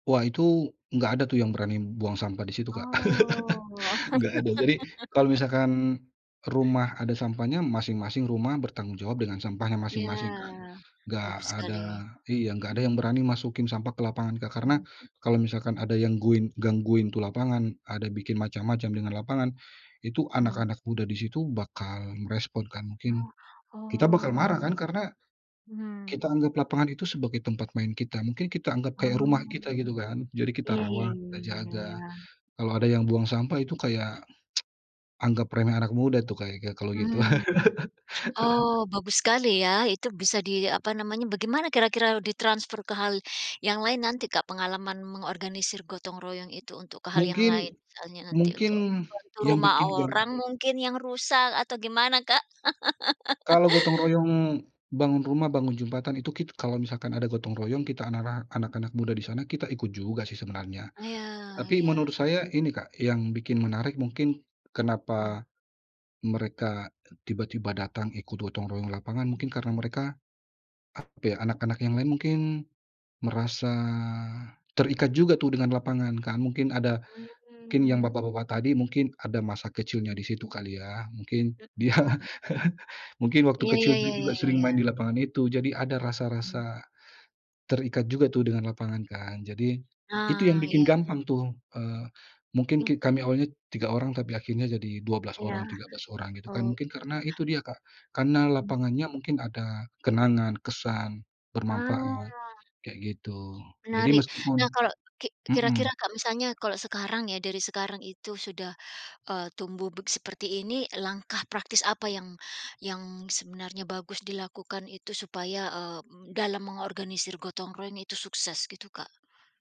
Wah itu, nggak ada tuh yang berani buang sampah di situ, Kak, Oh. nggak ada. Jadi, kalau misalkan rumah ada sampahnya, masing-masing rumah bertanggung jawab dengan sampahnya Ya, masing-masing kan? Nggak bagus ada sekali. iya, Mhm. nggak ada yang berani masukin sampah ke lapangan, Kak. Karena Mhm. kalau misalkan ada yang guin gangguin tuh lapangan, ada bikin macam-macam dengan lapangan, itu Mhm. anak-anak muda di situ bakal merespon, kan. Mungkin Ah, kita bakal oh, marah, kan? Karena mhm. kita anggap lapangan itu sebagai tempat main kita, mungkin kita anggap kayak rumah Oh, kita, gitu kan. Jadi, kita iya iya rawat, kita iya iya jaga. iya. Kalau ada yang buang sampah itu kayak anggap remeh anak muda tuh, kayak gi kalau gitu. Mmm. Oh bagus sekali ya, itu bisa di, eee, apa namanya, bagaimana kira-kira ditransfer ke hal yang lain nanti, Kak, pengalaman mengorganisir gotong royong itu untuk ke hal yang Mungkin lain? Misalnya nanti mungkin untuk membantu yang rumah bikin, kan? orang, mungkin, yang rusak, atau gimana, Kak? Kalau gotong royong bangun rumah, bangun jembatan itu kit kalau misalkan ada gotong royong, kita anara anak-anak muda di sana, kita ikut juga sih sebenarnya. Iya Tapi iya. menurut saya ini, Kak, yang bikin menarik mungkin Mhm. kenapa mereka e tiba-tiba datang ikut gotong royong lapangan, Mhm. mungkin karena mereka apa ya, anak-anak yang lain mungkin merasa terikat juga tuh, dengan lapangan kan, mungkin ada mungkin yang Mmm. bapak-bapak tadi, mungkin ada masa kecilnya di Mhm. situ, kali ya. Mungkin, Mhm dia mhm. mungkin waktu Iya iya kecil iya dulu iya juga sering iya. main di lapangan itu. Jadi, ada Mhm. rasa-rasa terikat juga tuh, dengan lapangan kan. Jadi, itu yang Nah, bikin iya. gampang tuh, eee, mungkin Heeh. ki kami awalnya 3 orang, tapi akhirnya jadi 12 Iya, orang, 13 orang, gitu kan, oh. mungkin karena itu dia, Kak. Karena Mmm. lapangannya mungkin ada kenangan, kesan, Ah. bermanfaat, kayak gitu. Jadi, Menarik. meskipun Nah, kalau ki kira-kira mhm. kalau misalnya, kalau sekarang ya, dari sekarang itu sudah, eee, tumbuh beg seperti ini, langkah praktis apa yang yang sebenarnya bagus dilakukan itu supaya, eee, m m dalam mengorganisir gotong royong itu sukses, gitu, Kak?